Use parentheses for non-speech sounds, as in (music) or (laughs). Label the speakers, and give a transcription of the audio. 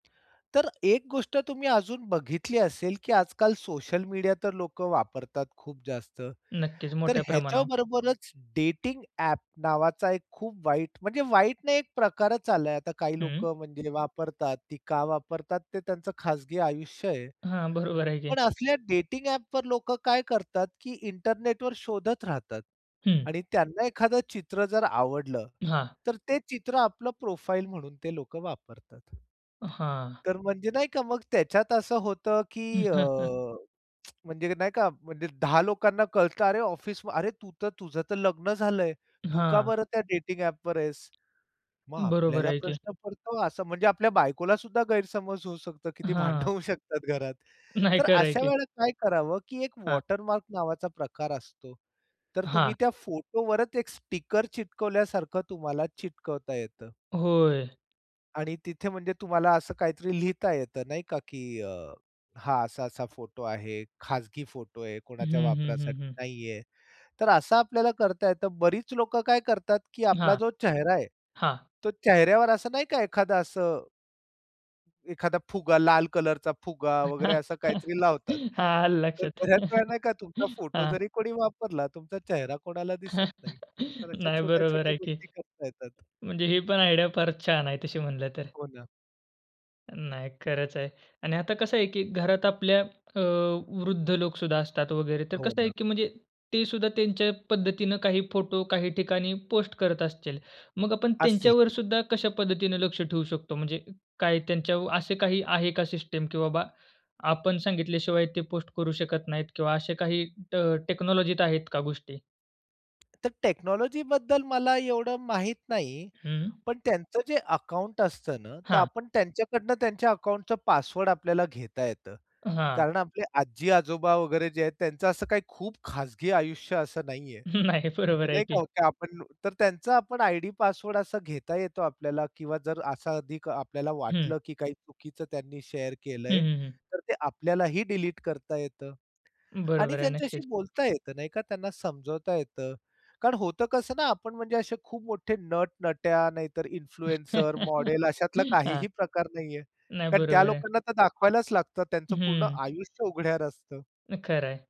Speaker 1: तर एक गोष्ट तुम्ही अजून बघितली असेल, की आज-काल सोशल मीडिया तर लोकं वापरतात खूप जास्त.
Speaker 2: नक्कीच
Speaker 1: तर
Speaker 2: मोठ्या प्रमाणावर.
Speaker 1: ह्याच्याबरोबरच डेटिंग ॲप नावाचा एक खूप वाईट म्हणजे वाईट नाही, एक प्रकारच आलाय आता. काही
Speaker 2: हं.
Speaker 1: लोकं म्हणजे वापरतात, ती का वापरतात? ते त्यांचं खाजगी आयुष्य आहे.
Speaker 2: हां, बरोबर आहे की.
Speaker 1: पण असल्या डेटिंग ॲप वर लोकं काय करतात? की इंटरनेट वर शोधत राहतात
Speaker 2: हं.
Speaker 1: आणि त्यांना एखादं चित्र जर आवडलं,
Speaker 2: हां.
Speaker 1: तर ते चित्र आपलं प्रोफाइल म्हणून ते लोकं वापरतात.
Speaker 2: हां.
Speaker 1: तर म्हणजे नाही का, मग त्याच्यात असं होतं की अ,
Speaker 2: (chuckles)
Speaker 1: (tsk) म्हणजे नाही का? म्हणजे 10 लोकांना कळतं "अरे ऑफिस अरे तू त, तुझंतर लग्न झालंय. तू का
Speaker 2: हां.
Speaker 1: बरं त्या डेटिंग ॲप वर आहेस? मग
Speaker 2: बरोबर
Speaker 1: आपल्याला
Speaker 2: आहे की.
Speaker 1: प्रश्न पडतो? असं म्हणजे आपल्या बायकोला सुद्धा गैरसमज होऊ शकतो. किती भांडणं
Speaker 2: हां.
Speaker 1: होऊ शकतात घरात.
Speaker 2: नाही
Speaker 1: तर
Speaker 2: खरं आहे
Speaker 1: अशा
Speaker 2: की.
Speaker 1: वेळेला काय करावं, की एक
Speaker 2: हां.
Speaker 1: वॉटरमार्क नावाचा प्रकार असतो. तर तुम्ही
Speaker 2: हां.
Speaker 1: त्या फोटो वरच एक स्टिकर चिटकवल्यासारखं तुम्हाला चिटकवता येतं
Speaker 2: होय?
Speaker 1: आणि तिथे म्हणजे तुम्हाला असं काहीतरी लिहिता येत. नाही का? की अ, हा असा-असा फोटो आहे. खाजगी फोटो आहे.
Speaker 2: हं,
Speaker 1: कोणाच्या
Speaker 2: हं, हं,
Speaker 1: वापरासाठी
Speaker 2: हं.
Speaker 1: नाहीये. तर असा आपल्याला करता येतं. बरीच लोकं काय करतात, की आपला
Speaker 2: हां,
Speaker 1: जो चेहरा आहे,
Speaker 2: हां.
Speaker 1: तो चेहऱ्यावर असं नाही का एखादं असं एखादा फुगा, लाल कलरचा फुगा वगैरे असं काहीतरी
Speaker 2: (laughs)
Speaker 1: लावतात.
Speaker 2: हा आल
Speaker 1: तर
Speaker 2: लक्षात.
Speaker 1: बऱ्याच वेळ नाही का तुमचा फोटो
Speaker 2: हां.
Speaker 1: जरी कोणी वापरला, तुमचा चेहरा कोणाला दिसत नाही. तर अशा
Speaker 2: नाही बरोबर
Speaker 1: छोट्या-छोट्या
Speaker 2: आहे की
Speaker 1: गोष्टी करता येतात.
Speaker 2: म्हणजे ही पण आयडिया फारच छान आहे, तशी म्हणलं तर.
Speaker 1: हो ना.
Speaker 2: नाही, खरंच आहे. आणि आता कसं आहे की घरात आपल्या अ, वृद्ध लोकं सुद्धा असतात वगैरे. तर
Speaker 1: हो
Speaker 2: कसं आहे
Speaker 1: ना.
Speaker 2: की म्हणजे ते सुद्धा त्यांच्या पद्धतीने काही फोटो, काही ठिकाणी, पोस्ट करत असतील. मग आपण
Speaker 1: असतील
Speaker 2: त्यांच्यावर
Speaker 1: की.
Speaker 2: सुद्धा कशा पद्धतीने लक्ष ठेवू शकतो? म्हणजे काय त्यांच्यावर असे काही आहे का सिस्टम? की बाबा आपण सांगितल्याशिवाय ते पोस्ट करू शकत नाहीत किंवा असे काही ट टेक्नॉलॉजीत आहेत का गोष्टी?
Speaker 1: तर टेक्नॉलॉजी बद्दल मला एवढं माहित नाही.
Speaker 2: हं.
Speaker 1: पण त्यांचं जे अकाउंट असतं ना, तर
Speaker 2: हां.
Speaker 1: आपण त्यांच्याकडनं त्यांच्या अकाउंटचं पासवर्ड आपल्याला घेता येतं.
Speaker 2: हां.
Speaker 1: कारण आपले आजी-आजोबा वगैरे जे आहेत, त्यांचं असं काही खूप खाजगी आयुष्य असं नाहीये.
Speaker 2: नाही, बरोबर आहे
Speaker 1: नाही
Speaker 2: की.
Speaker 1: का आपण तर त्यांचा आपण आयडी पासवर्ड असा घेता येतो आपल्याला किंवा जर असा अधिक आपल्याला
Speaker 2: हं.
Speaker 1: वाटलं की काही चुकीचं त्यांनी शेअर
Speaker 2: हं,
Speaker 1: केलंय,
Speaker 2: हं, हं.
Speaker 1: तर ते आपल्यालाही डिलीट करता येतं आणि
Speaker 2: बरोबर आहे,
Speaker 1: त्यांच्याशी
Speaker 2: नक्कीच.
Speaker 1: बोलता येत. नाही का? त्यांना समजवता येतं. कारण होतं कसं ना, आपण म्हणजे असे खूप मोठे नट-नट्या, नाहीतर इन्फ्लुएन्सर,
Speaker 2: (laughs)
Speaker 1: मॉडेल, अशातला
Speaker 2: हां.
Speaker 1: काहीही प्रकार नाहीये.
Speaker 2: नाही,
Speaker 1: कारण त्या
Speaker 2: बरोबर आहे.
Speaker 1: लोकांना तर दाखवायलाच लागतं. त्यांचं पूर्ण
Speaker 2: हं.
Speaker 1: आयुष्य उघड्यावर असतं.
Speaker 2: खरं आहे.